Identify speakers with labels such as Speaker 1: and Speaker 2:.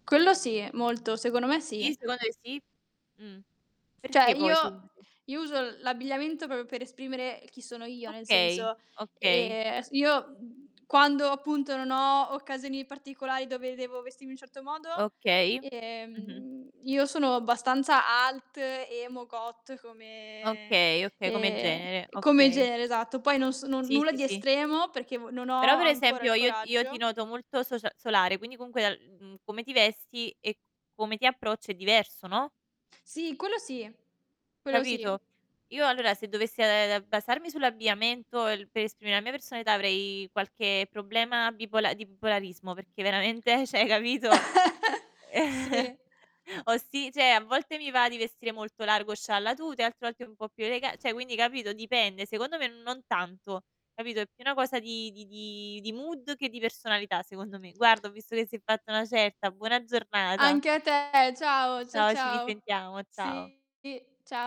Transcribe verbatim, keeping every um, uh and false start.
Speaker 1: Quello sì, molto. Secondo me sì.
Speaker 2: Sì, secondo e sì. Mh,
Speaker 1: ceh,
Speaker 2: perché poi,
Speaker 1: io
Speaker 2: secondo te?
Speaker 1: io uso l'abbigliamento propio per esprimere chi sono io, nel
Speaker 2: Okay,
Speaker 1: senso,
Speaker 2: okay.
Speaker 1: ehm, aes io quando appunto non ho occasioni particolari dove devo vestirmi in un certo modo,
Speaker 2: Okay. Mh-mh.
Speaker 1: ehm, io sono abbastanza alt, emo, goth come
Speaker 2: Okay, okay, come
Speaker 1: ehm,
Speaker 2: genere,
Speaker 1: come
Speaker 2: okay.
Speaker 1: genere, esatto. Poi non sono,
Speaker 2: Sì,
Speaker 1: nulla
Speaker 2: sì,
Speaker 1: di
Speaker 2: sì.
Speaker 1: estremo perché vo non
Speaker 2: Però,
Speaker 1: ho
Speaker 2: per
Speaker 1: ancora il
Speaker 2: esempio, io io ti
Speaker 1: coraggio
Speaker 2: noto molto socia solare, quindi comunque, l mhmm, come ti vesti, e c come ti approcci è diverso, no?
Speaker 1: Sì, quello sì, quello sì.
Speaker 2: Capito? Io allora se dovess e ehm, basarmi sull'abbigliamento el per esprimere la mia personalità avrei qualche problema bipola di bipolarismo perché veramente ceh, hai capito.
Speaker 1: Sì.
Speaker 2: Ho si ceh, a volte mi va di vestire molto largo, scialla tuta, e altre volte un po' più elega ceh, quindi capito dipende. Secondo me non tanto, capito. È più una cosa di di di di mood che di personalità secondo me. Guarda ho visto che si è fatta una certa, buona giornata.
Speaker 1: Anche a te, ciao, cia
Speaker 2: Ciao, ci
Speaker 1: ciao.
Speaker 2: risentiamo, ciao.
Speaker 1: Sì, cia